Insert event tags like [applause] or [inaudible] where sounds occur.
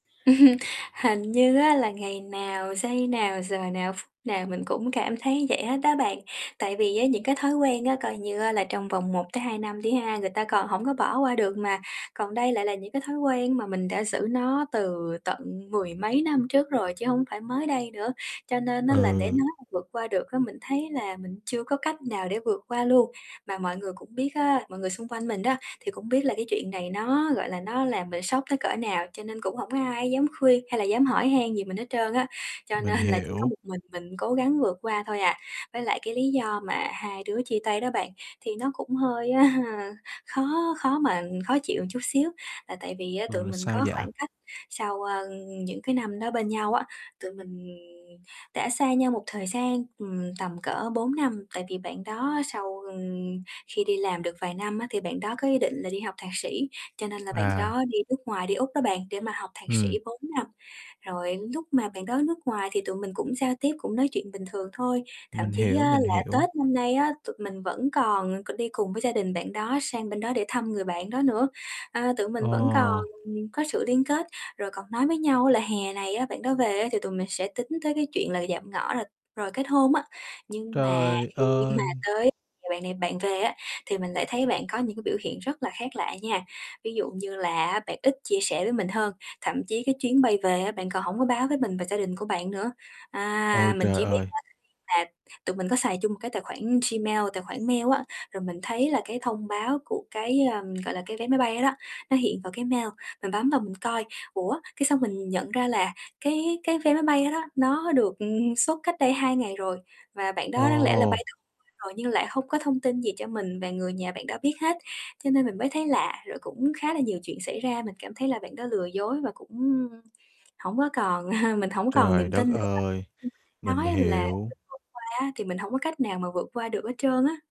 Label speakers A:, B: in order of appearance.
A: [chuckles] Hình như á, là ngày nào, giây nào, giờ nào, ph nào mình cũng cảm thấy vậy hết á bạn. Tại vì á, những cái thói quen á, coi như á, là trong vòng 1-2 năm đi ha, người ta còn hổng có bỏ qua được mà, còn đây lại là những cái thói quen mà mình đã giữ nó từ tận mười mấy năm trước rồi chứ hổng phải mới đây nữa, cho nên á, là để
B: Ừ.
A: nói mà vượt qua được á, mình thấy là mình chưa có cách nào để vượt qua luôn. Mà mọi người cũng biết á, mọi người xung quanh mình á, thì cũng biết là cái chuyện này nó, gọi là, nó làm mình sốc tới cỡ nào, cho nên cũng hổng có ai dám khuyên hay là dám hỏi han gì mình hết trơn á, cho
B: Mình
A: nên là chỉ có
B: hiểu.
A: một mình mình cố gắng vượt qua thôi à. Với lại cái lý do mà hai đứa chia tay đó bạn, thì nó cũng hơi, à, khó khó mà khó chịu một chút xíu, là tại vì á, tụi
B: Ừ,
A: mình có
B: sao vậy?
A: khoảng cách sau, ơ, những cái năm đó bên nhau á, tụi mình đã xa nhau một thời gian, ừm, tầm cỡ 4 năm. Tại vì bạn đó sau, ừm, khi đi làm được vài năm á, thì bạn đó có ý định là đi học thạc sĩ, cho nên là bạn
B: À.
A: đó đi nước ngoài, đi Úc đó bạn, để mà học thạc sĩ
B: Ừm.
A: 4 năm. Rồi núc mà bạn đó nước ngoài thì tụi mình cũng giao tiếp, cũng nói chuyện bình thường thôi, thậm
B: Mình
A: chí á,
B: hiểu, mình
A: là
B: hiểu.
A: Tết năm nay á, tụi mình vẫn còn c đi cùng với gia đình bạn đó sang bên đó để thăm người bạn đó nữa. À, tụi mình vẫn còn
B: Ờ.
A: có sự liên kết, rồi còn nói với nhau là hè này á, bạn đó về á, thì tụi mình sẽ tính tới cái chuyện là dạm ngõ, rồi rồi kết hôn á, nhưng mà
B: Trời
A: khi mà
B: ơi!
A: tới thì bạn này bạn về á, thì mình lại thấy bạn có những cái biểu hiện rất là khác lạ nha. Ví dụ như là á, bạn ít chia sẻ với mình hơn, thậm chí cái chuyến bay về á, bạn còn hổng có báo với mình và gia đình của bạn nữa,
B: Ôi
A: à, mình
B: trời
A: chỉ biết
B: ơi!
A: á, [unintelligible] là tụi mình có xài chung một cái tài khoản Gmail, tài khoản mail á, rồi mình thấy là cái thông báo của cái, ưm, gọi là, cái vé máy bay đó đó, nó hiện vào cái mail, mình bấm vào mình coi. Ủa, cái xong mình nhận ra là cái cái vé máy bay đó đó nó được, ừm, xuất cách đây 2 ngày rồi, và bạn đó đáng lẽ là
B: Ồ!
A: bay [unintelligible] rồi, nhưng lại hông có thông tin gì cho mình và người nhà bạn đó biết hết, cho nên mình mới thấy lạ. Rồi cũng khá là nhiều chuyện xảy ra, mình cảm thấy là bạn đó lừa dối và cũng hổng có còn [chuckles] mình không còn
B: Trời
A: niềm tin
B: đất
A: nữa.
B: ơi!
A: Như mình đã
B: Mình
A: nói là
B: hiểu.
A: [unintelligible] qua á, thì mình hổng có cách nào mà vượt qua được hết trơn á.